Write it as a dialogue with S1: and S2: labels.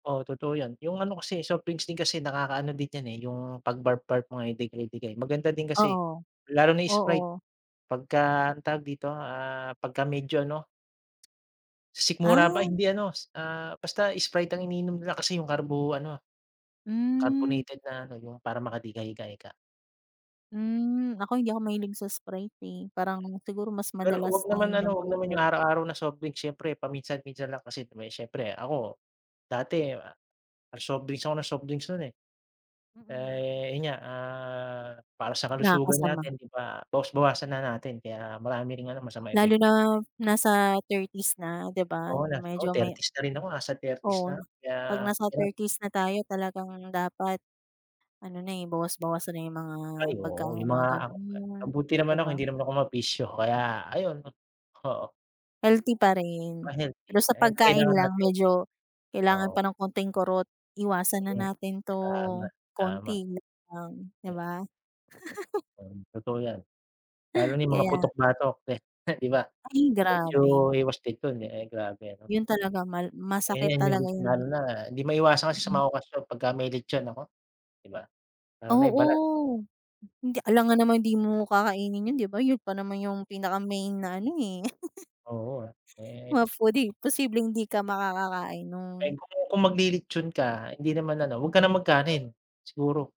S1: Oo, totoo 'yan. Yung ano kasi, eh, soft drinks din kasi nakakaano din 'yan, eh, yung pag-burp-burp mo ay dighay-dighay. Maganda din kasi
S2: Oo,
S1: lalo na
S2: oo.
S1: Sprite. Pagka tawag dito, ah, pagka medyo ano sikmura ba?
S2: Ah.
S1: Hindi ano, s ah, basta Sprite ang iniinom nila kasi yung carbo ano,
S2: Mm.
S1: carbonated na ano, yung para makadighay ka ika.
S2: Mm. Ako hindi ako mahilig sa Sprite, eh. Parang siguro mas
S1: Pero wag
S2: madalas
S1: naman ano,
S2: naiinom
S1: wag
S2: ko,
S1: naman
S2: Coke.
S1: yung araw-araw na soft drinks. Siyempre paminsan-minsan lang kasi siyempre ako dati soft drinks ako nang soft drinks nun, eh.
S2: Mm.
S1: Eh, yun nga, ah, para sa kalusugan
S2: Nakakasama.
S1: natin, 'di ba, bawas-bawasan na natin kaya marami ring ano, masamang
S2: Lalo
S1: epekto.
S2: na nasa 30's na, 'di ba?
S1: Oo, nasa oo,
S2: Medyo may
S1: 30's na rin ako nasa 30's na
S2: Oo.
S1: kaya
S2: 'Pag nasa
S1: yun.
S2: 30's na tayo talagang dapat ano na, eh, bawas-bawasan na yung mga
S1: Ay
S2: pagkain
S1: oo.
S2: ng
S1: Yung
S2: mga
S1: mga ak
S2: ganun, yung
S1: mabuti
S2: 'di
S1: naman ako
S2: ba?
S1: hindi naman ako mabisyo kaya ayun, oo.
S2: Healthy pa
S1: Ah,
S2: rin.
S1: healthy.
S2: Pero sa
S1: Ayan ang
S2: pagkain
S1: kailangan
S2: lang
S1: natin.
S2: medyo kailangan
S1: Oo.
S2: pa ng konting kurot. Iwasan
S1: Totoo
S2: na
S1: 'yan.
S2: natin
S1: Tama,
S2: 'to.
S1: tama.
S2: Konti lang, 'di
S1: Mm.
S2: ba?
S1: 'Yan, totoo 'yan. Lalo na yung mga
S2: Kaya
S1: putok-batok, eh, 'di ba?
S2: Ay,
S1: Medyo
S2: grabe.
S1: iwas din dun. Eh, grabe ano.
S2: Yun talaga mal masakit
S1: Ayan, yun
S2: talaga yun.
S1: lalo na di maiwasan kasi sa mga
S2: [unintelligible]
S1: okasyon pagka may lechon, naku, 'di ba? Lalo na yung balat.
S2: Oo. Hindi alangan naman di mo kakainin yun, 'di ba, yun pa naman yung pinaka-main na ano, eh.
S1: Oo, ah. Eh
S2: Ma-foodie. Posibleng di ka makakakain
S1: Eh,
S2: nun.
S1: kung magli-lechon ka hindi naman ano, wag ka na mag-kanin, siguro.